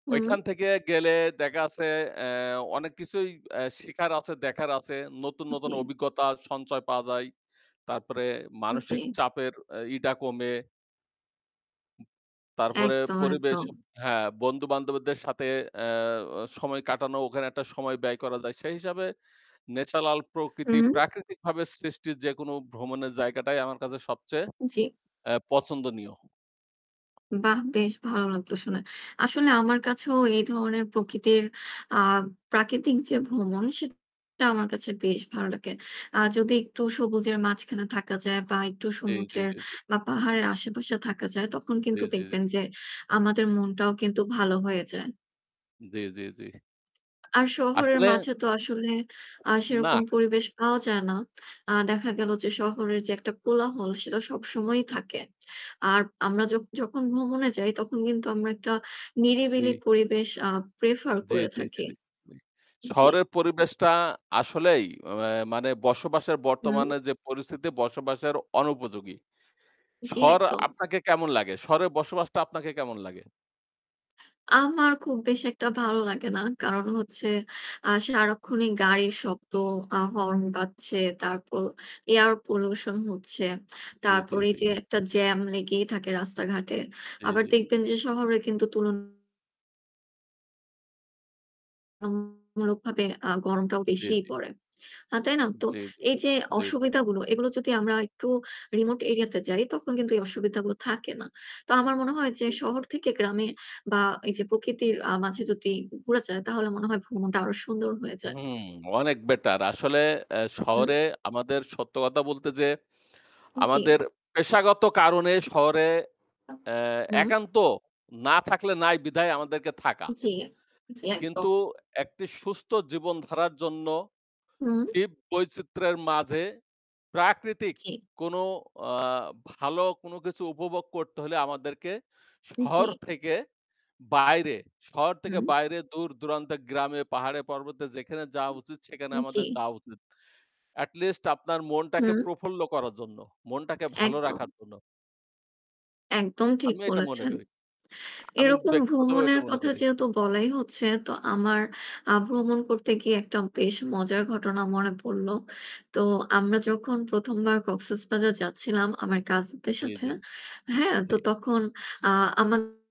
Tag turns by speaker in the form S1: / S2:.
S1: হুম।
S2: ওইখান থেকে গেলে দেখা আছে এহ অনেক কিছুই এহ শেখার আছে, দেখার আছে। নতুন, নতুন
S1: জি।
S2: অভিজ্ঞতা সঞ্চয় পাওয়া যায় তারপরে মানসিক
S1: জি।
S2: চাপের আ ইয়ে কমে। তারপরে
S1: একদম,
S2: পরিবেশ
S1: একদম।
S2: হ্যাঁ, বন্ধু-বান্ধবদের সাথে এহ অ সময় কাটানো। ওখানে একটা সময় ব্যয় করা যায়। সেই হিসাবে natural প্রকৃতি,
S1: উম
S2: প্রাকৃতিকভাবে সৃষ্টির যেকোনো ভ্রমণের জায়গাটাই আমার কাছে সবচেয়ে
S1: জি।
S2: এহ পছন্দনীয়।
S1: বাহ! বেশ ভালো লাগলো শুনে। আসলে আমার কাছেও এই ধরনের প্রকৃতির আ প্রাকৃতিক যে ভ্রমণ সেটা আমার কাছে বেশ ভালো লাগে। আ যদি একটু সবুজের মাঝখানে থাকা যায় বা একটু
S2: জি, জি,
S1: সমুদ্রের
S2: জি, জি।
S1: বা পাহাড়ের আশেপাশে থাকা যায় তখন
S2: জি,
S1: কিন্তু
S2: জি, জি।
S1: দেখবেন যে আমাদের মনটাও কিন্তু ভালো হয়ে যায়।
S2: জি, জি, জি।
S1: আর শহরের
S2: আসলে আ
S1: মাঝে তো আসলে আ
S2: না।
S1: সেরকম পরিবেশ পাওয়া যায় না। আ দেখা গেল যে শহরের যে একটা কোলাহল সেটা সবসময়ই থাকে। আর আমরা য যখন ভ্রমণে যাই তখন কিন্তু আমরা একটা নিরিবিলি
S2: কি?
S1: পরিবেশ আ prefer
S2: জি,
S1: করে
S2: জি, জি,
S1: থাকি।
S2: জি। ওই
S1: জি।
S2: শহরের পরিবেশটা আসলেই অ্যা মানে বসবাসের
S1: হুম।
S2: বর্তমানে যে পরিস্থিতি বসবাসের অনুপযোগী।
S1: জি,
S2: শহর
S1: একদম।
S2: আপনাকে কেমন লাগে? শহরে বসবাসটা আপনাকে কেমন লাগে?
S1: আমার খুব বেশি একটা ভালো লাগে না। কারণ হচ্ছে আ সারাক্ষণই গাড়ির শব্দ, আ হর্ন বাজছে, তারপর air pollution হচ্ছে।
S2: জি, জি,
S1: তারপরে
S2: জি।
S1: এইযে একটা জ্যাম লেগেই থাকে রাস্তাঘাটে।
S2: জি,
S1: আবার
S2: জি।
S1: দেখবেন যে শহরে কিন্তু তুলনামুলক আ গরমটাও
S2: জি,
S1: বেশিই
S2: জি।
S1: পড়ে। আ তাই না? তো
S2: জি, জি,
S1: এইযে
S2: জি, জি, জি।
S1: অসুবিধাগুলো এগুলো যদি আমরা একটু remote area তে যাই তখন কিন্তু এই অসুবিধাগুলো থাকে না। তো আমার মনে হয় যে
S2: জি, জি,
S1: শহর
S2: জি।
S1: থেকে গ্রামে বা এইযে প্রকৃতির আ মাঝে যদি ঘু ঘুরা যায় তাহলে মনে হয় ভ্রমণটা আরও সুন্দর হয়ে যায়।
S2: হুম, অনেক better। আসলে অ্যা
S1: হুম।
S2: শহরে আমাদের সত্য কথা বলতে যে
S1: জি।
S2: আমাদের পেশাগত কারণে এ শহরে অ্যা
S1: হুম।
S2: একান্ত না থাকলে নাই বিধায় আমাদেরকে থাকা।
S1: জি, জি, একদম।
S2: কিন্তু একটি সুস্থ জীবনধারার জন্য
S1: হুম।
S2: জীব বৈচিত্র্যের মাঝে প্রাকৃতিক
S1: জি।
S2: কোন আ ভালো কোন কিছু উপভোগ করতে হইলে আমাদেরকে শহর
S1: জি।
S2: থেকে বাইরে, শহর থেকে
S1: হুম।
S2: বাইরে দূর-দূরান্তের গ্রামে, পাহাড়ে, পর্বতে যেখানে যাওয়া উচিত সেখানে
S1: উম জি।
S2: আমাদের যাওয়া উচিত। At least আপনার মনটাকে
S1: উম
S2: প্রফুল্ল করার জন্য, মনটাকে ভালো
S1: একদম।
S2: রাখার জন্য।
S1: একদম ঠিক
S2: আমিও এটা মনে
S1: বলেছেন।
S2: করি। আমি
S1: এরকম
S2: ব্যক্তিগতভাবে
S1: ভ্রমণের
S2: এটা মনে
S1: কথা
S2: করি।
S1: যেহেতু বলাই হচ্ছে তো আমার আ ভ্রমণ করতে গিয়ে একটা বেশ মজার ঘটনা মনে পড়লো। তো আমরা যখন ১ম বার কক্সেসবাজার যাচ্ছিলাম আমার কাজিনদের
S2: জি,
S1: সাথে,
S2: জি,
S1: হ্যাঁ?
S2: জি।
S1: তো তখন আ আমার